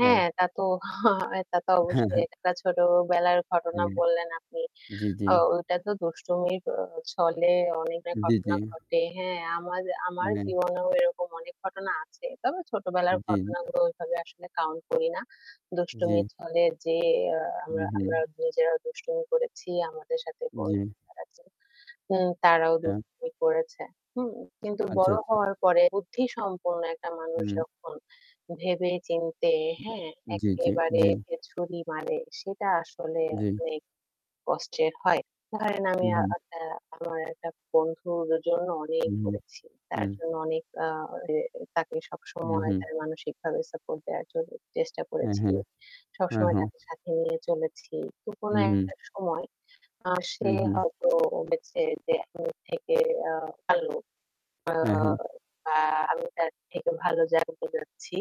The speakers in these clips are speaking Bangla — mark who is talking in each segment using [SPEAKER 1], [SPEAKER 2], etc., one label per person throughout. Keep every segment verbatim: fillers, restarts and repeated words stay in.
[SPEAKER 1] হ্যাঁ,
[SPEAKER 2] হ্যাঁ।
[SPEAKER 1] তা তো তা তো
[SPEAKER 2] হ্যাঁ,
[SPEAKER 1] অবশ্যই
[SPEAKER 2] হ্যাঁ।
[SPEAKER 1] একটা ছোটবেলার ঘটনা
[SPEAKER 2] হুম,
[SPEAKER 1] বললেন আপনি।
[SPEAKER 2] জি, জি।
[SPEAKER 1] ও ঐটা তো দুষ্টুমির ছলে অনেকটা
[SPEAKER 2] জ্বী,
[SPEAKER 1] ঘটনা
[SPEAKER 2] জ্বী।
[SPEAKER 1] ঘটে। হ্যাঁ আমার আমার
[SPEAKER 2] হ্যাঁ।
[SPEAKER 1] জীবনেও এরকম অনেক ঘটনা আছে। তবে ছোটবেলার
[SPEAKER 2] জ্বী।
[SPEAKER 1] ঘটনাগুলো ওইভাবে আসলে কাউন্ট করি না। দুষ্টুমির
[SPEAKER 2] জ্বী।
[SPEAKER 1] ছলে যে আ
[SPEAKER 2] হু,
[SPEAKER 1] আমরা
[SPEAKER 2] হু।
[SPEAKER 1] আমরা নিজেরা দুষ্টুমি করেছি। আমাদের সাথে বোন
[SPEAKER 2] জ্বী।
[SPEAKER 1] [unintelligible] উ তারাও
[SPEAKER 2] এম
[SPEAKER 1] দুষ্টুমি করেছে। হু? কিন্তু
[SPEAKER 2] আচ্ছা,
[SPEAKER 1] বড়
[SPEAKER 2] আচ্ছা।
[SPEAKER 1] হওয়ার পরে বুদ্ধি সম্পূর্ণ একটা মানুষ
[SPEAKER 2] হুম।
[SPEAKER 1] যখন ভেবে চিন্তে হ্যাঁ?
[SPEAKER 2] জ্বী, জ্বী,
[SPEAKER 1] এক্কেবারে
[SPEAKER 2] জ্বী।
[SPEAKER 1] ছুরি মারে সেটা আসলে
[SPEAKER 2] জ্বী।
[SPEAKER 1] অনেক কষ্টের হয়। ধরেন
[SPEAKER 2] হু,
[SPEAKER 1] আমি আ
[SPEAKER 2] হু।
[SPEAKER 1] আপনা আমার একটা বন্ধুর জন্য অনেক
[SPEAKER 2] হুম, হুম।
[SPEAKER 1] করেছি। তার
[SPEAKER 2] হু।
[SPEAKER 1] জন্য অনেক আ তাকে অ
[SPEAKER 2] হু,
[SPEAKER 1] সবসময়
[SPEAKER 2] হু।
[SPEAKER 1] তার মানসিকভাবে সাপোর্ট দেওয়ার জন্য চেষ্টা
[SPEAKER 2] হ্যাঁ,
[SPEAKER 1] করেছি।
[SPEAKER 2] হ্যাঁ, হ্যাঁ,
[SPEAKER 1] সবসময়
[SPEAKER 2] হ্যাঁ।
[SPEAKER 1] তাকে সাথে নিয়ে চলেছি। তো
[SPEAKER 2] হু,
[SPEAKER 1] কোনো
[SPEAKER 2] হু।
[SPEAKER 1] একটা সময় আ সে
[SPEAKER 2] হুম, হুম।
[SPEAKER 1] হয়তো বলছে যে আমি থেকে আ ভালো
[SPEAKER 2] হ্যাঁ,
[SPEAKER 1] অ
[SPEAKER 2] হ্যাঁ।
[SPEAKER 1] বা আমি তার থেকে ভালো জ যাচ্ছি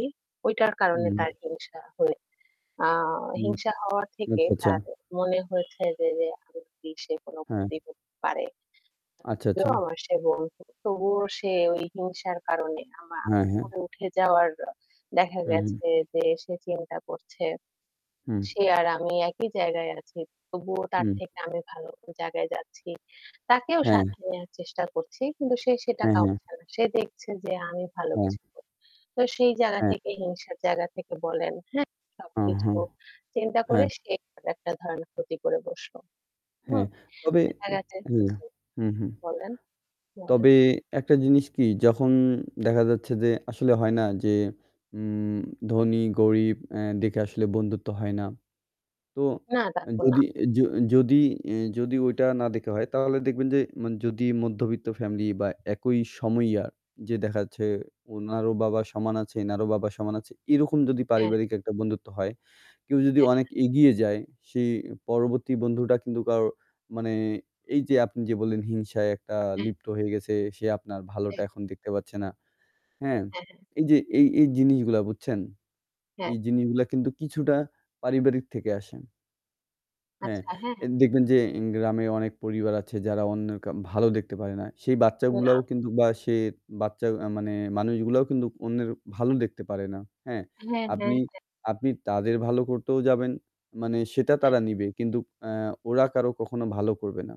[SPEAKER 1] ঐটার কারণে তার
[SPEAKER 2] হুম।
[SPEAKER 1] হিংসা হয়ে। আ
[SPEAKER 2] হুম।
[SPEAKER 1] হিংসা হওয়া থেকে
[SPEAKER 2] আচ্ছা, আচ্ছা।
[SPEAKER 1] তার মনে হয়েছে যে যে [unintelligible] সে কোনো
[SPEAKER 2] হ্যাঁ।
[SPEAKER 1] ক্ষতি হতে পারে।
[SPEAKER 2] আচ্ছা, আচ্ছা।
[SPEAKER 1] তবুও আমার সে বন্ধু। তবুও সে ওই হিংসার কারণে আমা
[SPEAKER 2] হ্যাঁ,
[SPEAKER 1] আমার
[SPEAKER 2] হ্যাঁ।
[SPEAKER 1] উপরে উঠে যাওয়ার দেখা
[SPEAKER 2] হু, হু।
[SPEAKER 1] গেছে যে সে চিন্তা করছে।
[SPEAKER 2] হুম।
[SPEAKER 1] সে আর আমি একই জায়গায় আছি। তবুও তার
[SPEAKER 2] হুম।
[SPEAKER 1] থেকে আমি ভালো জায়গায় যাচ্ছি। তাকেও
[SPEAKER 2] হ্যাঁ।
[SPEAKER 1] সাথে নেয়ার চেষ্টা করছি। কিন্তু সে সেটা
[SPEAKER 2] হ্যাঁ, হ্যাঁ।
[SPEAKER 1] কউছে না। সে দেখছে যে আমি ভালো
[SPEAKER 2] হ্যাঁ।
[SPEAKER 1] কিছু করছি তো সেই জায়গা
[SPEAKER 2] হ্যাঁ।
[SPEAKER 1] থেকে হিংসার জায়গা থেকে বলেন হ্যাঁ?
[SPEAKER 2] ও
[SPEAKER 1] সবকিছু
[SPEAKER 2] হ্যাঁ,
[SPEAKER 1] চিন্তা করে
[SPEAKER 2] হ্যাঁ।
[SPEAKER 1] সে একটা ধরনের ক্ষতি করে বসলো। হু?
[SPEAKER 2] হ্যাঁ, তবে
[SPEAKER 1] দেখা
[SPEAKER 2] উ
[SPEAKER 1] গেছে
[SPEAKER 2] হুম,
[SPEAKER 1] জি
[SPEAKER 2] হুম, হুম।
[SPEAKER 1] বলেন,
[SPEAKER 2] তবে
[SPEAKER 1] বলেন।
[SPEAKER 2] একটা জিনিস কি যখন দেখা যাচ্ছে যে আসলে হয় না যে উ ধনী-গরীব এ দেখে আসলে বন্ধুত্ব হয় না। তো
[SPEAKER 1] না, তা তো না।
[SPEAKER 2] যদি য যদি এ যদি ওইটা না দেখা হয় তাহলে দেখবেন যে মান যদি মধ্যবিত্ত ফ্যামিলি বা একই সময় ইয়া যে দেখা যাচ্ছে ওনারও বাবা সমান আছে এনারও বাবা সমান আছে এরকম যদি
[SPEAKER 1] হ্যাঁ।
[SPEAKER 2] পারিবারিক একটা বন্ধুত্ব হয়, কেউ যদি অনেক
[SPEAKER 1] হ্যাঁ।
[SPEAKER 2] এগিয়ে যায় সেই পরবর্তী বন্ধুটা কিন্তু কারও মানে এইযে আপনি যে বললেন, হিংসায় একটা
[SPEAKER 1] হুম।
[SPEAKER 2] লিপ্ত হয়ে গেছে, সে আপনার ভালোটা
[SPEAKER 1] হ্যাঁ।
[SPEAKER 2] এখন দেখতে পাচ্ছে না, হ্যাঁ?
[SPEAKER 1] হ্যাঁ, হ্যাঁ।
[SPEAKER 2] এইযে এই এই জিনিসগুলা বুঝছেন
[SPEAKER 1] হ্যাঁ।
[SPEAKER 2] এই জিনিসগুলা কিন্তু কিছুটা পারিবারিক থেকে আসে হ্যাঁ,
[SPEAKER 1] আচ্ছা,
[SPEAKER 2] এ
[SPEAKER 1] হ্যাঁ।
[SPEAKER 2] দেখবেন যে ইন গ্রামে অনেক পরিবার আছে যারা অন্যের ক ভালো দেখতে পারে না সেই বাচ্চাগুলাও
[SPEAKER 1] না।
[SPEAKER 2] কিন্তু বা সে বাচ্চা আ মানে মানুষগুলোও কিন্তু অন্যের ভালো দেখতে পারে না, হ্যাঁ?
[SPEAKER 1] হ্যাঁ, হ্যাঁ,
[SPEAKER 2] আপনি
[SPEAKER 1] হ্যাঁ।
[SPEAKER 2] আপনি তাদের ভালো করতেও যাবেন মানে সেতা
[SPEAKER 1] হ্যাঁ।
[SPEAKER 2] তারা নিবে কিন্তু আ ওরা কারো কখনো ভালো করবে না।